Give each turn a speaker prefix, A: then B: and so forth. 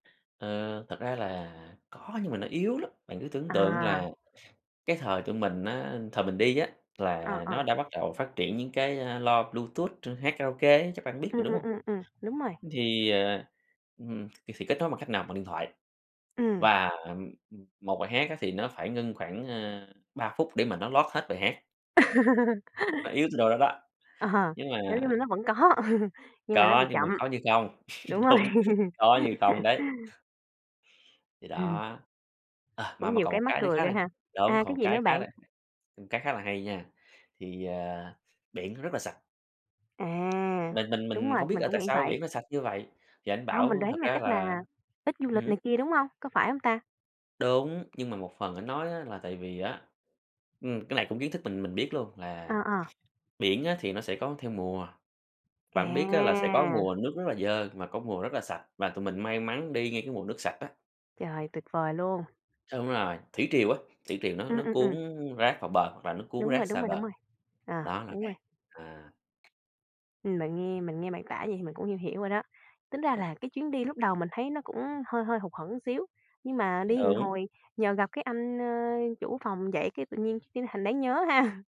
A: À, thật ra là có nhưng mà nó yếu lắm, bạn cứ tưởng tượng là
B: À!
A: cái thời tụi mình á thời mình đi á,
B: Ờ,
A: là
B: ờ.
A: nó đã bắt đầu phát triển những cái, a, loa Bluetooth chuyên hát karaoke ấy chắc bạn biết rồi,
B: Ừm,
A: đúng
B: ừm,
A: hông?
B: ừm, ừm, đúng rồi.
A: Thì, ờ, ừm, thì thì kết nối bằng cách nào, bằng điện thoại.
B: Ừm.
A: Và, ờm, 1 bài hát á thì nó phải ngưng khoảng, a, 3 phút để mà nó load hết bài hát. Nó yếu tới độ đó đó,
B: Ờ,
A: nhưng mà
B: nói chung là nó vẫn có, nhưng mà nó bị
A: Có, nhưng mà
B: chậm.
A: có như không,
B: Đúng rồi.
A: đúng, có như không đấy. Thì
B: Ừm.
A: đó, ờ, mà
B: Cũng
A: mà
B: nhiều
A: còn một
B: cái mắc
A: cái nữa
B: cười
A: khá
B: ghê
A: là,
B: ha.
A: đúng,
B: À,
A: còn
B: cái
A: một
B: gì
A: cái
B: nữa
A: khá
B: bạn?
A: là một cái khá là hay nha, thì, ờ, biển nó rất là sạch.
B: À!
A: Mình mình
B: Đúng
A: mình
B: rồi,
A: hông biết
B: mình
A: là
B: cũng
A: tại
B: nghĩ
A: sao biển
B: vậy.
A: nó sạch như vậy, thì ảnh
B: Hông, mình
A: bảo
B: đoán
A: thật
B: là
A: ra
B: chắc
A: là
B: là ít du
A: ừm
B: lịch
A: hứm.
B: này kia, đúng hông? Có phải hông ta?
A: Đúng, nhưng mà một phần ảnh nói á là tại vì á, ừm, cái này cũng kiến thức mình mình biết luôn
B: Ờ,
A: là
B: ờ.
A: biển á, thì nó sẽ có theo mùa, bạn biết á là sẽ có
B: À!
A: mùa nước rất là dơ và có mùa rất là sạch, và tụi mình may mắn đi ngay cái mùa nước sạch á.
B: Trời, tuyệt vời luôn.
A: Đúng rồi, thủy triều á thủy triều nó
B: Ừm,
A: nó
B: ừm,
A: cuốn
B: ừm.
A: rác vào bờ và nó cuốn
B: Đúng rồi,
A: rác
B: đúng
A: xa
B: rồi, đúng
A: bờ,
B: rồi. Ờ,
A: đó là
B: đúng rồi.
A: vậy, à.
B: Ừm, mình nghe mình nghe bạn tả vậy thì mình cũng hiểu rồi đó. Tính ra là cái chuyến đi lúc đầu mình thấy nó cũng hơi hơi hụt hẫng xíu, nhưng mà đi một
A: Đúng.
B: hồi nhờ gặp cái anh, ơ, chủ phòng vậy cái tự nhiên cái thành đáng nhớ ha.